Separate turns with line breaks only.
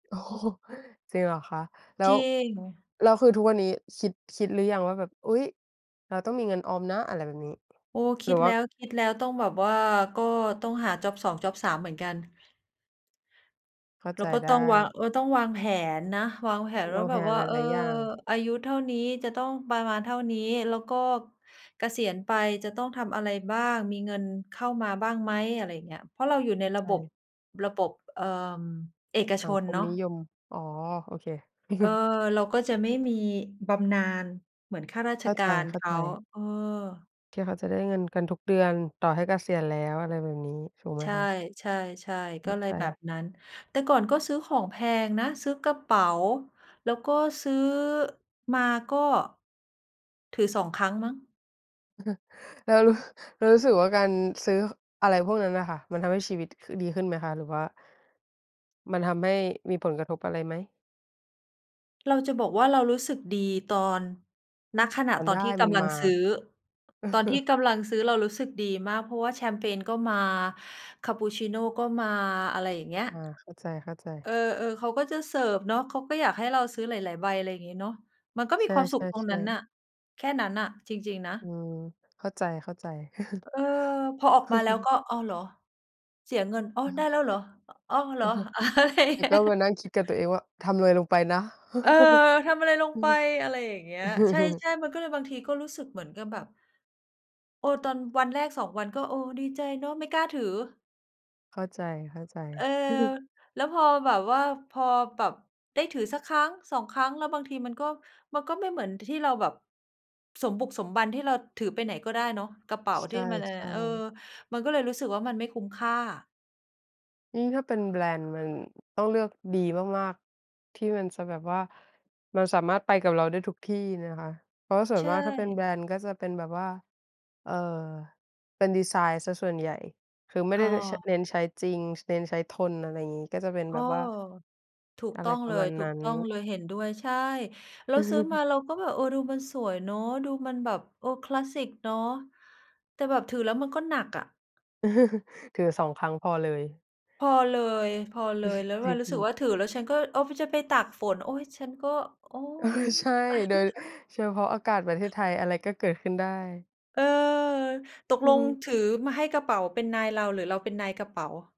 โอ้โฮ จริงเหรอคะ แล
จ
้ว
ริง
แล้วคือทุกวันนี้คิด คิดหรือยังว่าแบบ อุ๊ย เราต้องมีเงินออมนะอะไรแบบนี้
โอ้ ค
หร
ิ
ื
ด
อว
แ
่
ล
า
้ว คิดแล้วต้องแบบว่าก็ต้องหาจ็อบ 2 จ็อบ 3 เหมือนกัน
เข้า
เร
ใ
า
จ
ก็
ได
ต้องวา
้
ง ก็ต้องวางแผนนะ วางแผน
เร
ว่
า
า
แ
แ
ห
บ
่
บว่า
ห
เออ
ลาย ๆ อย่าง
อายุเท่านี้จะต้องประมาณเท่านี้ แล้วก็เกษียณไปจะต้องทำอะไรบ้าง มีเงินเข้ามาบ้างไหม อะไรอย่างเงี้ย เพราะเราอยู่ใ
เ
น
ข้า
ร
ใ
ะบบ
จ
ระบบ เอ่อ เอก
ส
ช
ัง
น
คม
เนาะ
นิยม อ๋อ โอเค
เออ เราก็จะไม่มีบำนาญเหมือนข้ารา
เ
ช
ข้า
ก
ใ
ารเขา
จ ๆ
เออ
ที่เขาจะได้เงินกันทุกเดือน ต่อให้เกษียณแล้วอะไรแบบนี้ ถูกไหม
ใช
คะ?
่ ๆ ๆ
ไ
ก
ม
็
่
เล
ไ
ย
ป
แบบนั้น แต่ก่อนก็ซื้อของแพงนะ ซื้อกระเป๋าแล้วก็ซื้อมาก็ถือ 2 ครั้งมั้ง
แล้วรู้ แล้วรู้สึกว่าการซื้ออะไรพวกนั้นน่ะค่ะ มันทำให้ชีวิตดีขึ้นไหมคะ? หรือว่า มันทำให้มีผลกระทบอะไรไหม?
เราจะบอกว่า เรารู้สึกดีตอน ณ ขณะ
มัน
ต
ไ
อ
ด
นท
้
ี่ก
มัน
ำลั
ม
ง
า
ซื้อ ตอนที่กำลังซื้อเรารู้สึกดีมาก เพราะว่าแชมเปญก็มาคัปปุชชีโนก็มา อะไรอย่างเงี้ย
อา เข้าใจ ๆ
เออ ๆ เขาก็จะเสิร์ฟเนาะ เขาก็อยากให้เราซื้อหลาย ๆ ใบ อะไรอย่างงี้เนาะ มันก็ม
ใช
ีความสุขตรงน
่
ั้น
ๆ
น
ๆ
่ะ แค่นั้นน่ะจริง ๆ นะ
อืม เข้าใจ
เออ พออ
ๆ
อกมาแล้วก็ "อ้าวเหรอ เสียเงิน อ้อ
อื
ได้
อ
แล้วเหรอ อ้อ เหรอ"
แล้วก็มานั่งคิดกับตัวเองว่าทำอะไรลงไปนะ
เออ ทำอะไรลงไป อะไรอย่างเงี้ย ใช่ ๆ มันก็เลยบางทีก็รู้สึกเหมือนกับแบบ โอ้ ตอนวันแรก 2 วัน ก็ดีใจเนาะ ไม่กล้าถือ
เข้าใจ
เออ
ๆ
แล้วพอแบบว่า พอแบบได้ถือสัก1-2 ครั้ง แล้วบางทีมันก็ มันก็ไม่เหมือนที่เราแบบสมบุกสมบันที่เราถือไปไหนก็ได้เนาะ กระเป๋า
ใ
ท
ช
ี่มันอันเนี้ย
่
เออ
ๆ
มันก็เลยรู้สึกว่ามันไม่คุ้มค่า
อือ ถ้าเป็นแบรนด์มันต้องเลือกดีมาก ๆ ที่มันจะแบบว่า มันสามารถไปกับเราได้ทุกที่นะคะ เพราะว่าส่ว
ใ
น
ช
มากถ้าเป็นแบ
่
รนด์ก็จะเป็นแบบว่า เอ่อ เป็นดิไซน์เสียส่วนใหญ่ คือไม่
อ
ไ
๋
ด้ ช
อ
เน้นใช้จริง เน้นใช้ทนอะไรอย่างงี้ ก็จะเป็น
เอ
แบ
อ
บว่า
ถูก
อะ
ต
ไร
้อง
ป
เ
ร
ล
ะมาณนั้น
ย ๆ เห็นด้วย ใช่ แล้วซื้อมาเราก็แบบ เออ ดูมันสวยเนาะ ดูมันแบบคลาสสิกเนาะ แต่แบบถือแล้วมันก็หนักอะ
ถือ 2 ครั้งพอเลย
พอเลย ๆ แล้วเ
จ
ว
ร
ล
ิ
ารู้สึก
ง
ว่าถือแล้วฉันก็ อ้อ จะไปตกฝน โอ๊ย ฉันก็ โอ๊
เออ
ย
ใช่ โดยเฉพาะอากาศประเทศไทย อะไรก็เกิดขึ้นได้
เออ ตก
อื
ล
อฮ
ง
ึ
ถือมาให้กระเป๋าเป็นนายเราหรือเราเป็นนายกระเป๋า